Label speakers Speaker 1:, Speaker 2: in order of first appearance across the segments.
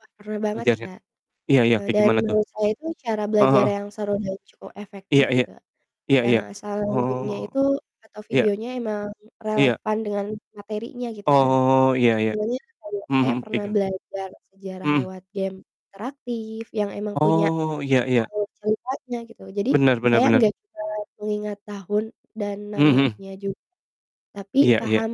Speaker 1: Wah, parah banget sih
Speaker 2: Ngajarnya,
Speaker 1: Kak,
Speaker 2: iya iya
Speaker 1: eee,
Speaker 2: kayak
Speaker 1: dan
Speaker 2: gimana tuh?
Speaker 1: menurut saya itu cara
Speaker 2: Heeh
Speaker 1: belajar
Speaker 2: heeh.
Speaker 1: yang seru dan cukup efektif
Speaker 2: Iya iya,
Speaker 1: gitu,
Speaker 2: iya
Speaker 1: yang
Speaker 2: iya,
Speaker 1: asal gamenya
Speaker 2: oh,
Speaker 1: itu atau
Speaker 2: iya.
Speaker 1: videonya emang
Speaker 2: Iya.
Speaker 1: relevan dengan materinya gitu Kak,
Speaker 2: Oh iya iya,
Speaker 1: senengnya kayak
Speaker 2: mhm
Speaker 1: saya
Speaker 2: mhm, kayak
Speaker 1: pernah
Speaker 2: gimana?
Speaker 1: belajar sejarah
Speaker 2: Mhm.
Speaker 1: lewat game interaktif yang emang punya,
Speaker 2: Oh iya iya.
Speaker 1: alur ceritanya gitu. Jadi
Speaker 2: Bener bener
Speaker 1: saya
Speaker 2: bener.
Speaker 1: gak bisa mengingat tahun dan
Speaker 2: Mhm mhm.
Speaker 1: namanya juga, tapi
Speaker 2: Iya iya.
Speaker 1: paham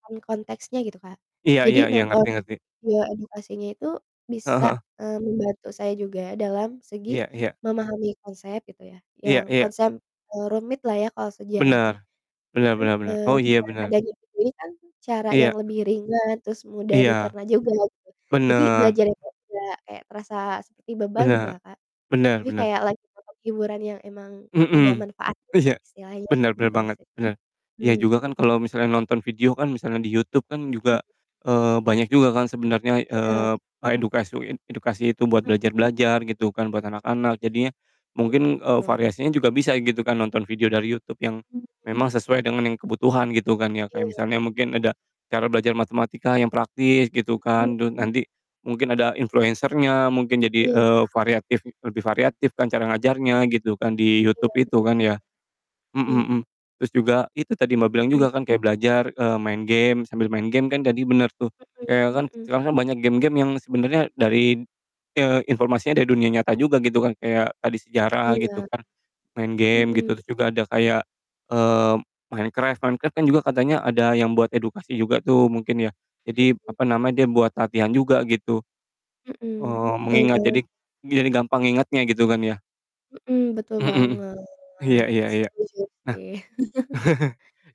Speaker 1: paham konteksnya gitu Kak,
Speaker 2: Iya iya
Speaker 1: jadi
Speaker 2: iya,
Speaker 1: nonton,
Speaker 2: ngerti ngerti.
Speaker 1: ya edukasinya itu
Speaker 2: Heeh
Speaker 1: bisa,
Speaker 2: heeh.
Speaker 1: eee, membantu saya juga dalam segi,
Speaker 2: Iya iya.
Speaker 1: memahami konsep gitu ya,
Speaker 2: Iya
Speaker 1: yang
Speaker 2: iya.
Speaker 1: konsep, eee, rumit lah ya kalau sejarah tuh,
Speaker 2: Bener, bener
Speaker 1: itu
Speaker 2: bener bener,
Speaker 1: eee,
Speaker 2: oh iya
Speaker 1: dengan
Speaker 2: bener.
Speaker 1: adanya jadi kan, cara
Speaker 2: Iya.
Speaker 1: yang lebih ringan terus mudah
Speaker 2: Iya,
Speaker 1: dicerna juga gitu, jadi
Speaker 2: bener.
Speaker 1: belajar itu nggak kayak terasa seperti beban
Speaker 2: Bener,
Speaker 1: gitulah Kak,
Speaker 2: bener
Speaker 1: tapi
Speaker 2: bener.
Speaker 1: kayak lagi ngomong hiburan yang emang ada
Speaker 2: Mhm,
Speaker 1: manfaatnya
Speaker 2: iya,
Speaker 1: istilahnya
Speaker 2: bener bener
Speaker 1: gitu
Speaker 2: banget,
Speaker 1: sih,
Speaker 2: bener, iya
Speaker 1: mmm.
Speaker 2: juga kan kalo misalnya nonton video kan misalnya di YouTube kan
Speaker 1: Mmm.
Speaker 2: juga, eee, banyak juga kan sebenernya,
Speaker 1: Iya
Speaker 2: eee, a
Speaker 1: betul.
Speaker 2: edukasi it edukasi itu buat
Speaker 1: Mhm.
Speaker 2: belajar-belajar gitu kan buat
Speaker 1: M
Speaker 2: anak-anak jadinya,
Speaker 1: Iya
Speaker 2: mungkin, eee,
Speaker 1: betul.
Speaker 2: variasinya juga bisa gitu kan nonton video dari YouTube yang,
Speaker 1: [unintelligible]
Speaker 2: memang sesuai dengan yang kebutuhan gitu kan ya,
Speaker 1: Iya
Speaker 2: kayak misalnya mungkin
Speaker 1: sih.
Speaker 2: ada, cara belajar matematika yang praktis gitu
Speaker 1: Mhm.
Speaker 2: kan terus nanti, mungkin ada influencer-nya mungkin jadi,
Speaker 1: Iya.
Speaker 2: eee, variatif lebih variatif kan cara
Speaker 1: M
Speaker 2: ngajarnya gitu kan di YouTube
Speaker 1: iya
Speaker 2: itu
Speaker 1: betul.
Speaker 2: kan ya. Mhm
Speaker 1: Mmm.
Speaker 2: mhm, terus juga itu tadi Mbak, bilang
Speaker 1: Mmm.
Speaker 2: juga kan kayak belajar, eee, main game sambil main game kan tadi bener tuh. Iya kan,
Speaker 1: Mhm mhm.
Speaker 2: sekarang kan banyak game-game yang sebenernya dari, eee, informasinya dari dunia nyata juga gitu kan kayak tadi sejarah gitu
Speaker 1: Iya.
Speaker 2: kan, main game gitu,
Speaker 1: Mhm.
Speaker 2: terus juga ada kayak, eee, Minecraft Minecraft kan juga katanya ada yang buat edukasi juga tuh mungkin ya, jadi
Speaker 1: Mhm.
Speaker 2: apa namanya dia buat latihan juga gitu,
Speaker 1: Mhm,
Speaker 2: eee,
Speaker 1: betul
Speaker 2: mengingat
Speaker 1: banget.
Speaker 2: jadi jadi gampang ngingatnya gitu kan ya.
Speaker 1: Mhm, betul
Speaker 2: Mhm mhm. Iya
Speaker 1: banget,
Speaker 2: iya iya,
Speaker 1: setuju
Speaker 2: nah,
Speaker 1: sih.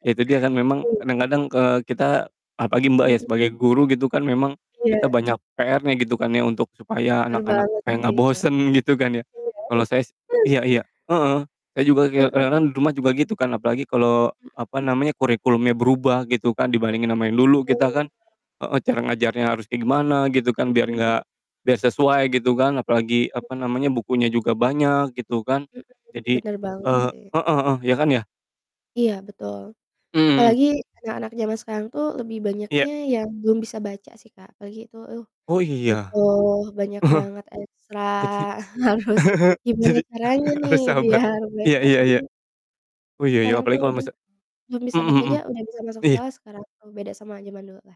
Speaker 2: iya itu dia kan memang
Speaker 1: Iya.
Speaker 2: kadang-kadang, eee, kita, apalagi Mbak ya,
Speaker 1: Mhm.
Speaker 2: sebagai guru gitu kan memang,
Speaker 1: Iya.
Speaker 2: kita banyak PR-nya gitu kan ya untuk supaya
Speaker 1: Bener
Speaker 2: anak-anak
Speaker 1: banget
Speaker 2: kayak
Speaker 1: sih
Speaker 2: gak
Speaker 1: itu,
Speaker 2: bosen gitu kan ya,
Speaker 1: iya.
Speaker 2: kalo saya s iya iya, heeh, saya juga kayak
Speaker 1: Heeh.
Speaker 2: kadang-kadang di rumah juga gitu kan, apalagi kalo
Speaker 1: Mhm.
Speaker 2: apa namanya, kurikulumnya berubah gitu kan, dibandingin sama yang dulu kita kan
Speaker 1: [unintelligible]
Speaker 2: heeh, cara ngajarnya harusnya gimana gitu kan biar
Speaker 1: Mhm.
Speaker 2: gak biar sesuai gitu kan, apalagi
Speaker 1: Mhm.
Speaker 2: apa namanya, bukunya juga banyak gitu kan,
Speaker 1: Mhm mhm,
Speaker 2: jadi
Speaker 1: bener banget
Speaker 2: eee
Speaker 1: sih.
Speaker 2: heeh heeh, iya kan ya?
Speaker 1: Iya betul,
Speaker 2: Mmm, mhm.
Speaker 1: apalagi anak-anak zaman sekarang tuh lebih
Speaker 2: Iya.
Speaker 1: banyaknya yang belum bisa baca sih Kak, apalagi itu, uh,
Speaker 2: Oh iya,
Speaker 1: betul banyak banget ekstra
Speaker 2: jadi,
Speaker 1: harus gimana
Speaker 2: jadi
Speaker 1: caranya nih
Speaker 2: harus sabar,
Speaker 1: biar
Speaker 2: iya
Speaker 1: mereka
Speaker 2: iya
Speaker 1: tuh
Speaker 2: iya.
Speaker 1: hmm
Speaker 2: Oh iya iya
Speaker 1: sekarang tuh
Speaker 2: apalagi kalau
Speaker 1: hmm,
Speaker 2: misal
Speaker 1: belum bisa
Speaker 2: mhm
Speaker 1: baca
Speaker 2: mhm,
Speaker 1: aja udah bisa masuk
Speaker 2: iya.
Speaker 1: sekolah sekarang beda sama jaman dulu lah.